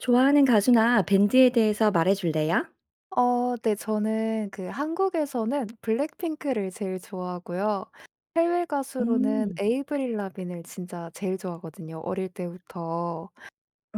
좋아하는 가수나 밴드에 대해서 말해 줄래요? 어 네. 저는 그 한국에서는 블랙핑크를 제일 좋아하고요. 해외 가수로는 음. 에이브릴 라빈을 진짜 제일 좋아하거든요, 어릴 때부터.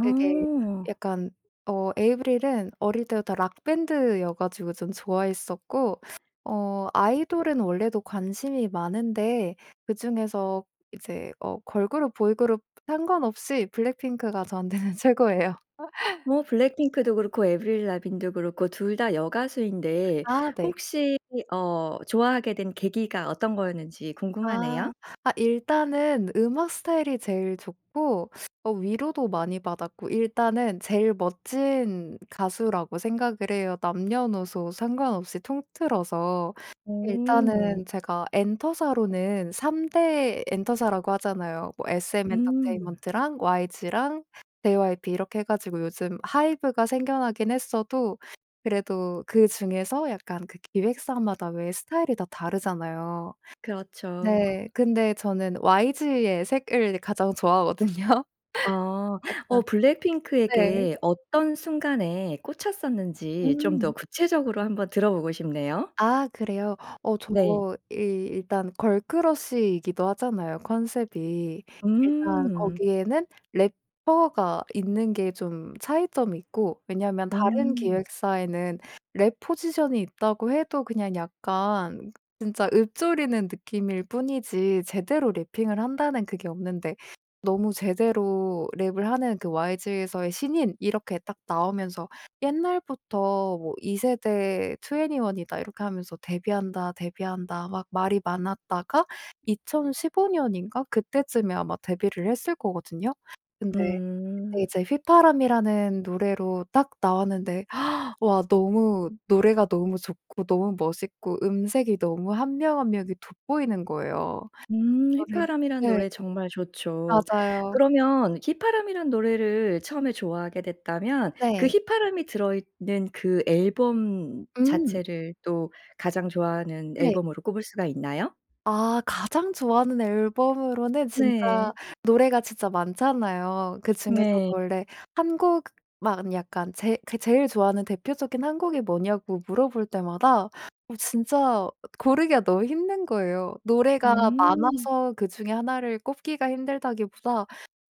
되게 약간 어 에이브릴은 어릴 때부터 락 밴드여 가지고 좀 좋아했었고 어 아이돌은 원래도 관심이 많은데 그중에서 이제 어 걸그룹, 보이그룹 상관없이 블랙핑크가 저한테는 최고예요. 뭐 블랙핑크도 그렇고 에이브릴 라빈도 그렇고 2 다 여가수인데 아 네. 혹시 어 좋아하게 된 계기가 어떤 거였는지 아. 궁금하네요. 아 일단은 음악 스타일이 제일 좋고 어 위로도 많이 받았고 일단은 제일 멋진 가수라고 생각을 해요 남녀노소 상관없이 통틀어서. 오. 일단은 제가 엔터사로는 3 대 엔터사라고 하잖아요. 뭐 음. SM엔터테인먼트랑 YG랑 JYP 이렇게 해 가지고 요즘 하이브가 생겨나긴 했어도 그래도 그중에서 약간 그 기획사마다 왜 스타일이 다 다르잖아요. 그렇죠. 네. 근데 저는 YG의 색을 가장 좋아하거든요. 어. 약간 어 네. 블랙핑크에게 어떤 순간에 꽂혔었는지 좀 더 음. 구체적으로 한번 들어 보고 싶네요. 아 그래요. 어 저 네. 이 일단 걸크러쉬 이기도 하잖아요 컨셉이. 일단 음. 거기에는 래퍼가 있는 게 좀 차이점이 있고 왜냐면 다른 음. 기획사에는 랩 포지션이 있다고 해도 그냥 약간 진짜 읊조리는 느낌일 뿐이지 제대로 래핑을 한다는 그게 없는데 너무 제대로 랩을 하는 그 "YG에서의 신인." 이렇게 딱 나오면서 옛날부터 뭐 "2 세대 2ne1이다." 이렇게 하면서 "데뷔한다, 데뷔한다." 막 말이 많았다가 2015 년인가 그때쯤에 아마 데뷔를 했을 거거든요. 근데 그때 음. 이제 휘파람이라는 노래로 딱 나왔는데 와 너무 노래가 너무 좋고 너무 멋있고 음색이 너무 1 명, 1 명이 돋보이는 거예요. 음. 아 네. 휘파람이란 네. 노래 정말 좋죠. 맞아요. 그러면 휘파람이란 노래를 처음에 좋아하게 됐다면 그 네. 휘파람이 들어있는 그 앨범 음. 자체를 또 가장 좋아하는 네. 앨범으로 꼽을 수가 있나요? 아 가장 좋아하는 앨범으로는 진짜 네. 노래가 진짜 많잖아요. 그 중에서 네. 원래 1 곡만 약간 제 제 제일 좋아하는 대표적인 1 곡이 뭐냐고 물어볼 때마다 어 진짜 고르기가 너무 힘든 거예요. 노래가 음. 많아서 그중에 1 를 꼽기가 힘들다기보다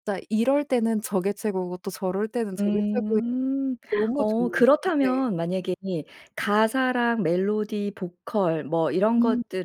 진짜 이럴 때는 저게 최고고 또 저럴 때는 저게 최고인 음. 너무 어 좋은 네. 그렇다면 만약에 가사랑 멜로디, 보컬 뭐 이런 음. 것들을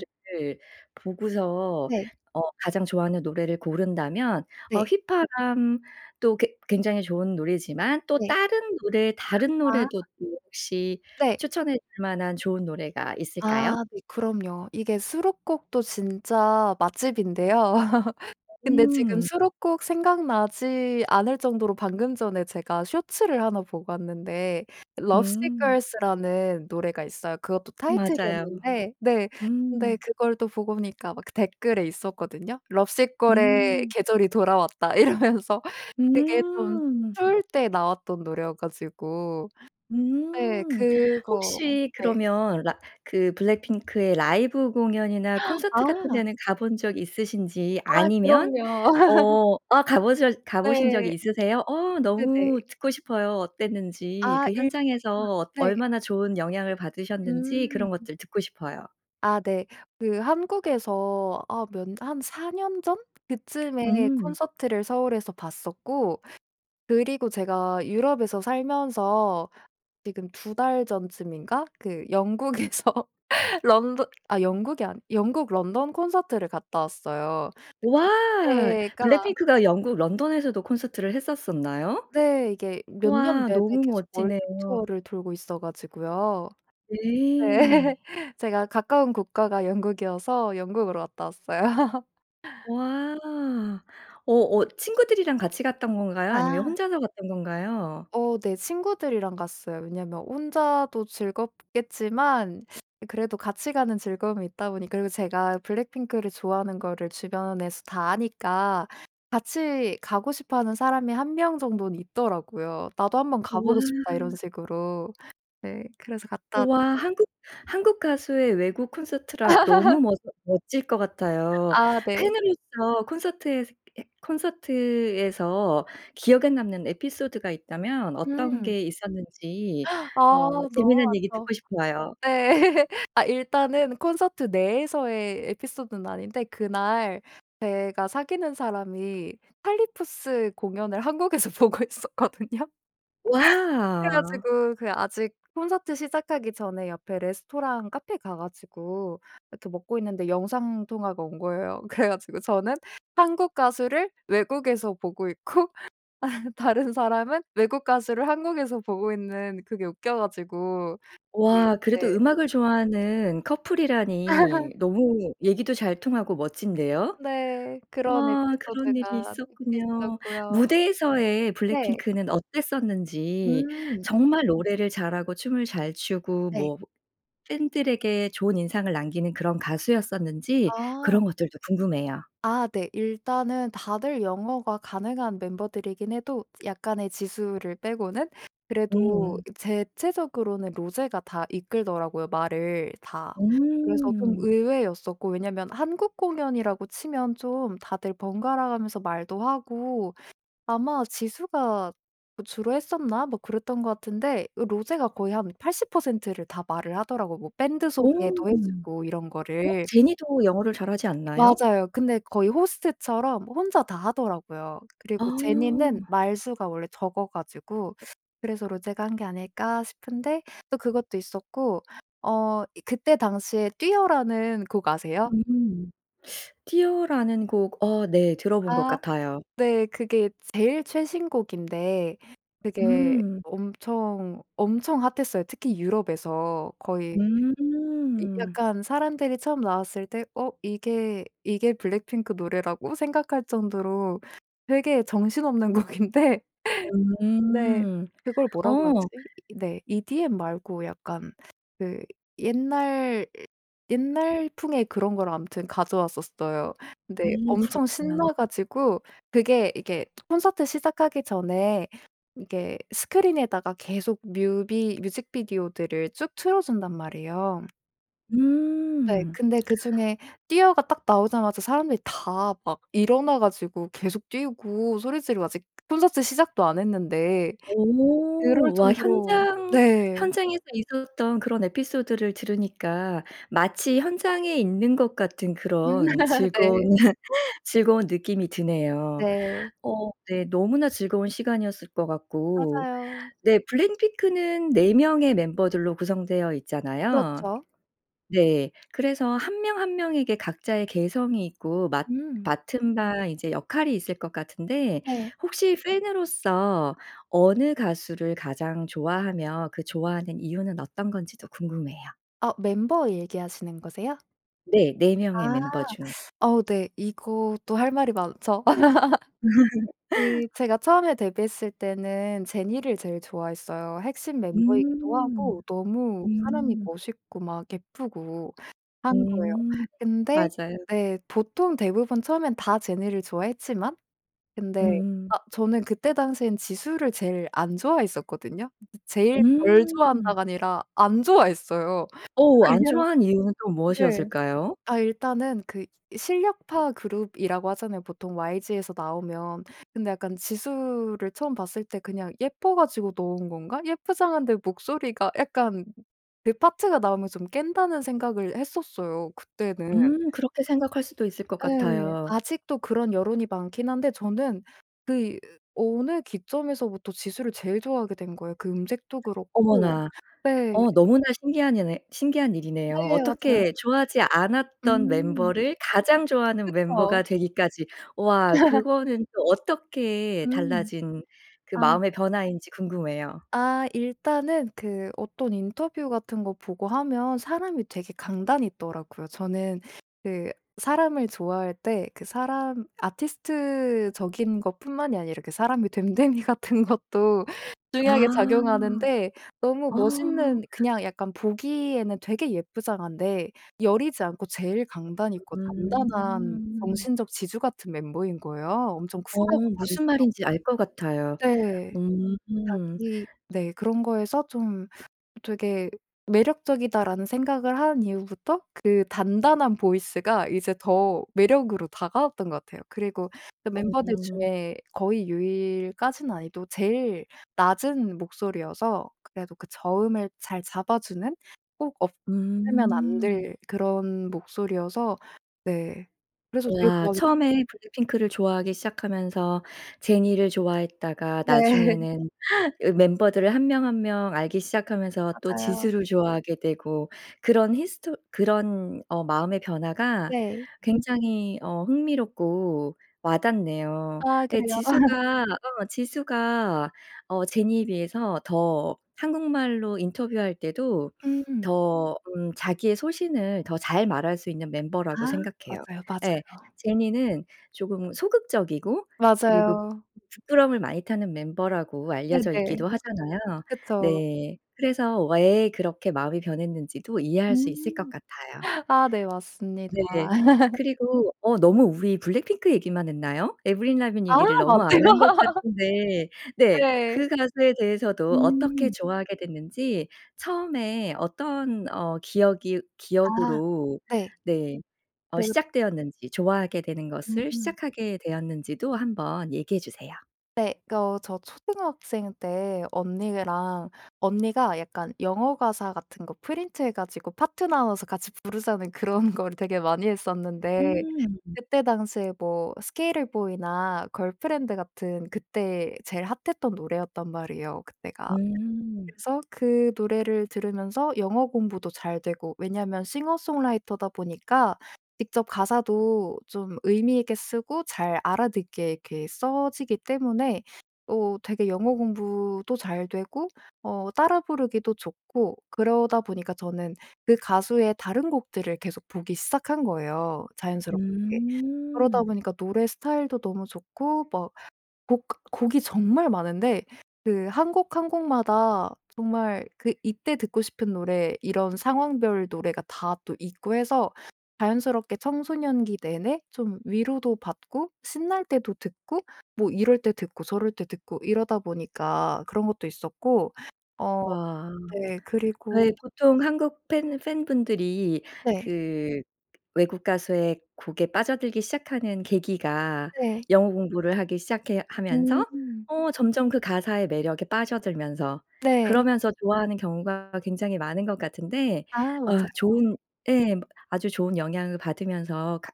보고서 네. 어 가장 좋아하는 노래를 고른다면 어 네. 휘파람도 괴 굉장히 좋은 노래지만 또 네. 다른 노래 다른 노래도 아. 또 혹시 네. 추천해 줄 만한 좋은 노래가 있을까요? 아 네. 그럼요. 이게 수록곡도 진짜 맛집인데요. 근데 지금 음. 수록곡 생각나지 않을 정도로 방금 전에 제가 쇼츠를 1 보고 왔는데 Lovesick 음. Girls 라는 노래가 있어요. 그것도 맞아요. 타이틀이었는데 네. 근데 음. 그걸 또 보고 오니까 막 댓글에 있었거든요. "Lovesick Girls의 음. 계절이 돌아왔다." 이러면서 그게 좀 음. 추울 때 나왔던 노래여 가지고. 네. 음. 그거 혹시 네. 그러면 라 그 블랙핑크의 라이브 공연이나 콘서트 같은 아. 데는 가 본 적 있으신지 아 아니면 그럼요. 어 아 가 보셨 가 보신 적 네. 있으세요? 어 그 네. 너무 듣고 싶어요 어땠는지. 아 그 일 현장에서 [unintelligible] 어 네. 얼마나 좋은 영향을 받으셨는지 그런 음. 것들 듣고 싶어요. 아 네. 그 한국에서 아 몇 한 4 년 전 그쯤에 음. 콘서트를 서울에서 봤었고 그리고 제가 유럽에서 살면서 지금 2 달 전쯤인가 그 영국에서 런던 아 영국이 아니 아 영국 런던 콘서트를 갔다 왔어요. 우와. 그때가 블랙핑크가 영국 런던에서도 콘서트를 했었었나요? 네. 이게 몇 년 우와. 내내 너무 계속 멋지네요. 월드투어를 돌고 있어 가지고요. 네. 네. 제가 가까운 국가가 영국이어서 영국으로 갔다 왔어요. 와. 오 어 친구들이랑 같이 갔던 건가요? 아니면 아. 혼자서 갔던 건가요? 어 네. 친구들이랑 갔어요. 왜냐면 혼자도 즐겁겠지만 그래도 같이 가는 즐거움이 있다 보니까 그리고 제가 블랙핑크를 좋아하는 거를 주변에서 다 아니까 같이 가고 싶어 하는 사람이 1 명 정도는 있더라고요. "나도 한번 가 보고 와. 싶다." 이런 식으로. 네. 그래서 갔다 우와. 왔어요. 한국, 한국 가수의 외국 콘서트라 너무 멋 멋질 것 같아요. 아 네. 팬으로서 콘서트에서 해 콘서트에서 기억에 남는 에피소드가 있다면 어떤 음. 게 있었는지 아 어 너무 재밌는 얘기 많죠. 듣고 싶어요. 네. 아 일단은 콘서트 내에서의 에피소드는 아닌데 그날 제가 사귀는 사람이 찰리푸스 공연을 한국에서 보고 있었거든요. 그래 와. 가지고 그게 아직 콘서트 시작하기 전에 옆에 레스토랑 카페 가 가지고 이렇게 먹고 있는데 영상 통화가 온 거예요. 그래 가지고 저는 한국 가수를 외국에서 보고 있고 다른 사람은 외국 가수를 한국에서 보고 있는 그게 웃겨 가지고 그 와. 그래도 네. 음악을 좋아하는 커플이라니 너무 얘기도 잘 통하고 멋진데요. 네. 그런 와 그런 일이 에피소드가 있었군요. 있었고요. 무대에서의 네. 블랙핑크는 어땠었는지 음. 정말 노래를 잘하고 춤을 잘 추고 네. 뭐 팬 들에게 좋은 인상을 남기는 그런 가수였었는지 아. 그런 것들도 궁금해요. 아 네. 일단은 다들 영어가 가능한 멤버들이긴 해도 약간의 지수를 빼고는 그래도 음. 대체적으로는 로제가 다 이끌더라고요 말을 다. 그래서 좀 음. 의외였었고 왜냐면 한국 공연이라고 치면 좀 다들 번갈아 가면서 말도 하고 아마 지수가 주로 했었나 뭐 그랬던 것 같은데 로제가 거의 한 80% 를 다 말을 하더라고요 뭐 밴드 오. 소개도 해 주고 이런 어 거를. 제니도 영어를 잘하지 않나요? 맞아요. 근데 거의 호스트처럼 혼자 다 하더라고요. 아. 그리고 제니는 말수가 원래 적어 가지고 '그래서 로제가 한 게 아닐까.' 싶은데 또 그것도 있었고 어 그때 당시에 뛰어라는 곡 아세요? 음. '뛰어.'라는 곡. 어 네. 들어본 것 아. 같아요. 네. 그게 제일 최신 곡인데 그게 음. 엄청, 엄청 핫했어요 특히 유럽에서. 거의 야 음. 약간 사람들이 처음 나왔을 때 어 '이게, 이게 블랙핑크 노래라고?' 생각할 정도로 되게 정신없는 곡인데. 네. 음. 그걸 뭐라고 어. 하지. 이 네. EDM 말고 약간 그 옛날, 옛날풍의 그런 걸 아무튼 가져왔었어요. 근데 음. 엄청 그렇구나. 신나 가지고 그게 이게 콘서트 시작하기 전에 이게 스크린에다가 계속 뮤비 뮤직비디오들을 쭉 틀어 준단 말이에요. 네. 음. 근데 그중에 뛰어가 딱 나오자마자 사람들이 다 막 일어나 가지고 계속 뛰고 소리 지르고 아직 콘서트 시작도 안 했는데 그럴 오. 와 정도로 현장 네. 현장에서 있었던 그런 에피소드를 들으니까 마치 현장에 있는 것 같은 음 그런 즐거, 네. 즐거운 느낌이 드네요. 네. 어 네 너무나 즐거운 시간이었을 것 같고 맞아요. 네 블랙핑크는 4 명의 멤버들로 구성되어 있잖아요. 그렇죠. 네. 그래서 1 명 1 명에게 각자의 개성이 있고 맡 음. 맡은 바 이제 역할이 있을 것 같은데 네. 혹시 팬으로서 어느 가수를 가장 좋아하며 그 좋아하는 이유는 어떤 건지도 궁금해요. 아 멤버 얘기하시는 거세요? 네. 4 명의 아 멤버 중에. 어 네. 이것도 할 말이 많죠. 이 제가 처음에 데뷔했을 때는 제니를 제일 좋아했어요. 핵심 멤버이기도 음. 하고 너무 사람이 음. 멋있고 막 예쁘고 한 거예요. 음 근데 맞아요. 네, 보통 대부분 처음에는 다 제니를 좋아했지만 근데 음. 아 저는 그때 당시에는 지수를 제일 안 좋아했었거든요. 제일 덜 음. 좋아한다가 아니라 안 좋아했어요. 어 안 왜냐. 좋아한 이유는 또 네. 무엇이었을까요? 아 일단은 그 실력파 그룹이라고 하잖아요 보통 YG에서 나오면. 근데 약간 지수를 처음 봤을 때 '그냥 예뻐 가지고 넣은 건가?' 예쁘장한데 목소리가 약간 걔 파트가 나오면 좀 깬다는 생각을 했었어요 그때는. 음 그렇게 생각할 수도 있을 것 예. 같아요. 아직도 그런 여론이 많기는 한데 저는 그 어느 기점에서부터 지수를 제일 좋아하게 된 거예요 그 음색도 그렇고 어머나. 네. 어 너무나 신기한 예네 신기한 일이네요. 네 맞아요. 어떻게 좋아하지 않았던 음. 멤버를 가장 좋아하는 그쵸. 멤버가 되기까지, 와 그거는 또 어떻게 음. 달라진 그 아. 마음의 변화인지 궁금해요. 아 일단은 그 어떤 인터뷰 같은 거 보고하면 사람이 되게 강단이 있더라고요. 저는 그 사람을 좋아할 때 그 사람 아티스트적인 것뿐만이 아니라 그 사람의 됨됨이 같은 것도 중요하게 아. 작용하는데 너무 어. 멋있는 그냥 약간 보기에는 되게 예쁘장한데 여리지 않고 제일 강단 있고 단단한 음. 정신적 지주 같은 멤버인 거예요 엄청 어 쿨하고 무슨 당차고. 말인지 알 거 같아요. 네. 음. 자기 네. 그런 거에서 '좀 되게 매력적이다.'라는 생각을 한 이후부터 그 단단한 보이스가 이제 더 매력으로 다가왔던 것 같아요. 그리고 그 멤버들 음. 중에 거의 유일까지는 아니어도 제일 낮은 목소리여서 그래도 그 저음을 잘 잡아주는 꼭 없으면 안 음. 될 그런 목소리여서 네 그래서 되게 우와. 좋아하게 처음에 블랙핑크를 좋아하기 시작하면서 제니를 좋아했다가 네. 나중에는 으 멤버들을 1 명 1 명 알기 시작하면서 또 맞아요. 지수를 좋아하게 되고 그런 히스토 그런 어 마음의 변화가 네. 굉장히 어 흥미롭고 와닿네요. 아 예 그래요. 지수가 어 지수가 어 제니에 비해서 더 한국말로 인터뷰할 때도 음. 더 음 자기의 소신을 더 잘 말할 수 있는 멤버라고 아 생각해요. 맞아요. 예. 맞아요. 제니는 조금 소극적이고 그리고 맞아요. 부끄럼을 많이 타는 멤버라고 알려져 네네. 있기도 하잖아요. 그쵸. 네. 그래서 왜 그렇게 마음이 변했는지도 이해할 수 있을 것 음. 같아요. 아 네. 맞습니다. 네. 그리고 어 너무 우리 블랙핑크 얘기만 했나요? 에이브릴 라빈 아 얘기를 너무 안 맞네요. 한 것 같은데 네 네. 그 가수에 대해서도 어떻게 음. 좋아하게 됐는지 처음에 어떤 어 기억이 아. 기억으로 네. 네 어 네. 시작되었는지 좋아하게 되는 것을 음. 시작하게 되었는지도 한번 얘기해 주세요. 네 거 저 초등학생 때 언니랑 언니가 약간 영어 가사 같은 거 프린트해 가지고 파트 나눠서 같이 부르자는 그런 걸 되게 많이 했었는데 음. 그때 당시에 뭐 Sk8er Boi 나 걸프렌드 같은 그때 제일 핫했던 노래였단 말이에요 그때가. 음. 그래서 그 노래를 들으면서 영어 공부도 잘 되고 왜냐면 싱어송라이터다 보니까 직접 가사도 좀 의미 있게 쓰고 잘 알아듣게 이렇게 써지기 때문에 어 되게 영어 공부도 잘 되고 어 따라 부르기도 좋고 그러다 보니까 저는 그 가수의 다른 곡들을 계속 보기 시작한 거예요 자연스럽게. 그러다 음. 보니까 노래 스타일도 너무 좋고 뭐 곡 곡이 정말 많은데 그 1 곡, 1 곡마다 정말 그 이때 듣고 싶은 노래 이런 상황별 노래가 다 또 있고 해서 자연스럽게 청소년기 내내 좀 위로도 받고 신날 때도 듣고 뭐 이럴 때 듣고 저럴 때 듣고 이러다 보니까 그런 것도 있었고 어 와. 네 그리고 네 보통 한국 팬 팬 분들이 네. 그 외국 가수의 곡에 빠져들기 시작하는 계기가 네. 영어 공부를 하기 시작해 하면서 음. 어 점점 그 가사의 매력에 빠져들면서 네. 그러면서 좋아하는 경우가 굉장히 많은 것 같은데 아 어 맞아요. 좋은 예 아주 좋은 영향을 받으면서 가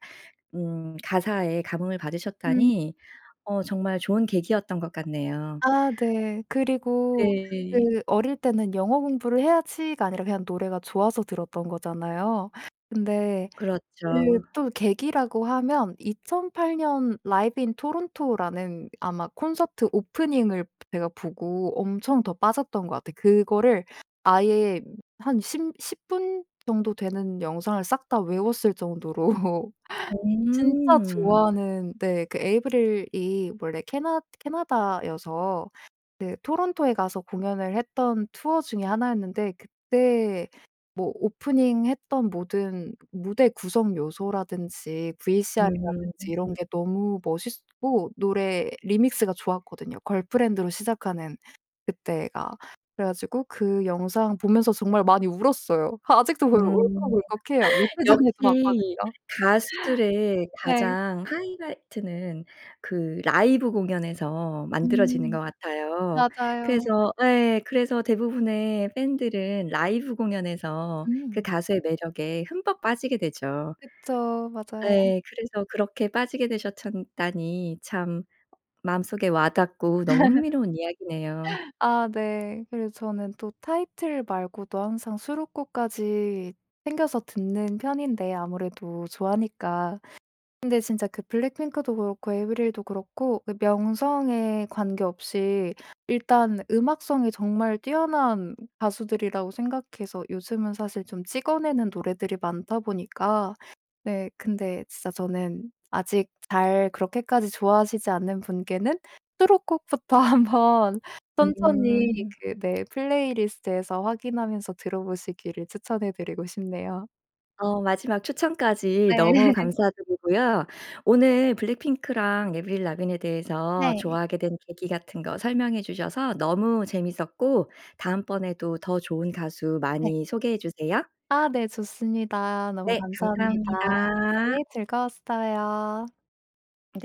음 가사에 감흥을 음. 받으셨다니 어 정말 좋은 계기였던 것 같네요. 아 네. 그리고 네. 그 어릴 때는 '영어 공부를 해야지.'가 아니라 그냥 노래가 좋아서 들었던 거잖아요. 근데 그 그렇죠. 또 계기라고 하면 2008 년 라이브 인 토론토라는 아마 콘서트 오프닝을 제가 보고 엄청 더 빠졌던 것 같아. 그거를 아예 한 심 10 분 정도 되는 영상을 싹 다 외웠을 정도로 진짜 음. 좋아하는 네 그 에이브릴이 원래 캐나 캐나다여서 그 토론토에 가서 공연을 했던 투어 중의 1 였는데 그때 뭐 오프닝 했던 모든 무대 구성 요소라든지 음. VCR이라든지 이런 게 너무 멋있었고 노래 리믹스가 좋았거든요 걸프렌드로 시작하는 그때가. 그래 가지고 그 영상 보면서 정말 많이 울었어요. 아직도 그 음 울컥울컥해요. 며칠 전에도 역시 봤거든요. 가수들의 네. 가장 하이라이트는 그 라이브 공연에서 만들어지는 음. 것 같아요. 맞아요. 그래서 예 그래서 대부분의 팬 들은 라이브 공연에서 그 음. 가수의 매력에 흠뻑 빠지게 되죠. 그쵸. 맞아요. 네 그래서 그렇게 빠지게 되셨 참 다니 참 마음속에 와 닿고 너무 흥미로운 이야기네요. 아 네. 그래서 저는 또 타이틀 말고도 항상 수록곡까지 챙겨서 듣는 편인데 아무래도 좋아하니까. 근데 진짜 그 블랙핑크도 그렇고 에이브릴도 그렇고 그 명성에 관계없이 일단 음악성이 정말 뛰어난 가수들이라고 생각해서 요즘은 사실 좀 찍어내는 노래들이 많다 보니까 네 근데 진짜 저는 아직 잘 그렇게까지 좋아하시지 않는 분께는 수록곡부터 한번 천천히 음. 그 네 플레이리스트에서 확인하면서 들어보시기를 추천해 드리고 싶네요. 어 마지막 추천까지 네. 너무 감사 드리고요. 오늘 블랙핑크랑 에이브릴 라빈에 대해서 네. 좋아하게 된 계기 같은 거 설명해 주셔서 너무 재미있었고 다음번에도 더 좋은 가수 네. 많이 소개해 주세요. 아 네 좋습니다. 너무 네 감사합니다. 감사합니다. 네 즐거웠어요. 네.